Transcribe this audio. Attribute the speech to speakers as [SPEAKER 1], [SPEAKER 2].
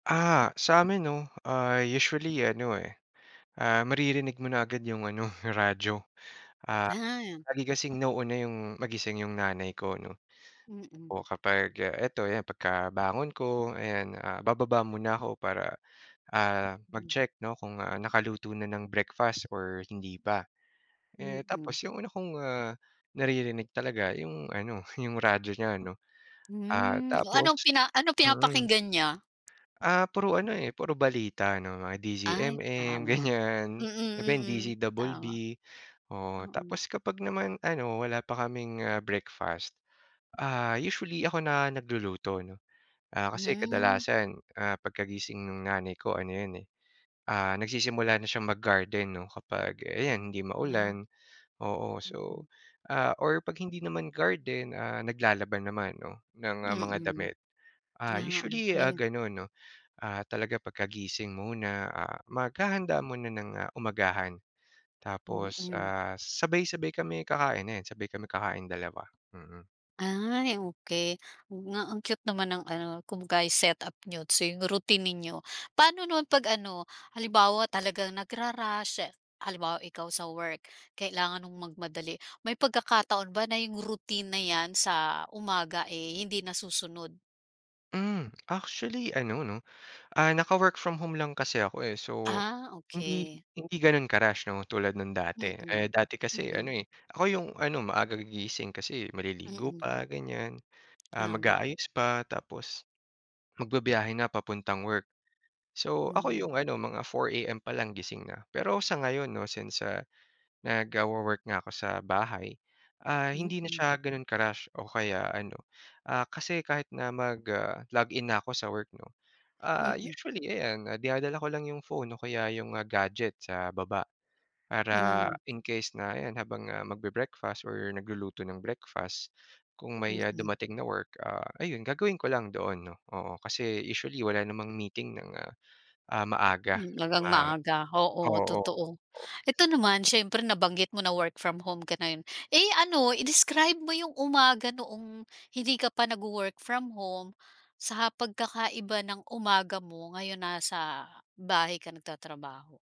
[SPEAKER 1] Ah, sa'min 'no ay usually ano, eh, ah, maririnig mo na agad yung ano, radyo. Ah,
[SPEAKER 2] Aha.
[SPEAKER 1] lagi kasing nauuna yung magising yung nanay ko 'no.
[SPEAKER 2] Mm.
[SPEAKER 1] O kapag, ah, eto 'yan pagkabangon ko ayan, ah, bababa muna ako para, ah,
[SPEAKER 2] Mm.
[SPEAKER 1] mag-check 'no kung, ah, nakaluto na ng breakfast or hindi pa. Eh,
[SPEAKER 2] Mm.
[SPEAKER 1] tapos yung una kong, ah, naririnig talaga yung ano yung radyo niya 'no, ah,
[SPEAKER 2] Hmm, oh anong
[SPEAKER 1] tapos
[SPEAKER 2] pina ano
[SPEAKER 1] mm.
[SPEAKER 2] pinapakinggan niya?
[SPEAKER 1] Ah, puro ano, eh, puro balita 'no, mga
[SPEAKER 2] Ay,
[SPEAKER 1] DZMM
[SPEAKER 2] tama,
[SPEAKER 1] ganyan,
[SPEAKER 2] mm
[SPEAKER 1] iba yung
[SPEAKER 2] mm,
[SPEAKER 1] DZ Double
[SPEAKER 2] tama.
[SPEAKER 1] B. Oh
[SPEAKER 2] Oo.
[SPEAKER 1] tapos kapag naman ano wala pa kaming, ah, breakfast, ah, usually ako na nagluluto 'no. Ah, kasi
[SPEAKER 2] Hmm.
[SPEAKER 1] kadalasan, ah, pagkagising nung nanay ko ano 'yan, eh, ah, nagsisimula na siyang mag-garden 'no, kapag ayan hindi
[SPEAKER 2] Wow.
[SPEAKER 1] maulan. Oo, so
[SPEAKER 2] Mm.
[SPEAKER 1] ah, or 'pag hindi naman garden, ah, naglalaba naman 'no ng mga
[SPEAKER 2] Mm.
[SPEAKER 1] damit. Ah,
[SPEAKER 2] Ah,
[SPEAKER 1] usually, ah,
[SPEAKER 2] okey.
[SPEAKER 1] ganon 'no. Ah, talaga pagkagising muna, ah, maghahanda muna ng, ah, umagahan tapos,
[SPEAKER 2] Mm.
[SPEAKER 1] ah, sabay-sabay kami kakain, ayan, sabay kami kakain dalawa, mm.
[SPEAKER 2] Ay, okey, oo nga, ang cute naman ng ano kumbaga ay setup niyo, so yung routine ninyo. Paano naman 'pag ano, halimbawa talagang nagra-rush, ah, halimbawa ikaw sa work, kailangan mong magmadali. May pagkakataon ba na yung routine na 'yan sa umaga, eh, hindi nasusunod?
[SPEAKER 1] Mm, actually ano 'no ah, naka-work from home lang kasi ako, eh. So
[SPEAKER 2] Ah,
[SPEAKER 1] hindi
[SPEAKER 2] okey.
[SPEAKER 1] hindi ganon ka-rush 'no tulad nang dati.
[SPEAKER 2] Mm,
[SPEAKER 1] Eh dati kasi
[SPEAKER 2] mm.
[SPEAKER 1] ano, eh, ako yung ano maaga gigising kasi maliligo
[SPEAKER 2] Mm.
[SPEAKER 1] pa ganyan, ah
[SPEAKER 2] Tama.
[SPEAKER 1] mag-aayos pa tapos magbibiyahe na papuntang work. So ako
[SPEAKER 2] Hmm.
[SPEAKER 1] yung ano mga 4 AM palang gising na. Pero sa ngayon 'no since, ah, nagwo-work nga ako sa bahay, ah, hindi na
[SPEAKER 2] Mm.
[SPEAKER 1] siya ganon ka-rush o kaya ano, ah, kasi kahit na mag, ah, log in na ako sa work 'no, ah,
[SPEAKER 2] Mm.
[SPEAKER 1] usually ayan dinadala ko lang yung phone o kaya yung mga gadyet sa baba para
[SPEAKER 2] Mm.
[SPEAKER 1] in case na ayan habang, ah, magbe-breakfast or nagluluto ng breakfast kung may
[SPEAKER 2] Mm.
[SPEAKER 1] dumating na work, ah, ayun gagawin ko lang doon 'no oo kasi usually wala namang meeting ng, ah, maaga
[SPEAKER 2] Mm, talagang
[SPEAKER 1] mga
[SPEAKER 2] maaga, oo,
[SPEAKER 1] oo,
[SPEAKER 2] totoo.
[SPEAKER 1] oo.
[SPEAKER 2] Eto naman, siyempre nabanggit mo na work from home ka ngayon, eh, ano i-describe mo yung umaga noong hindi ka pa nagwo-work from home, sa pagkakaiba ng umaga mo ngayon nasa bahay ka nagtatrabaho?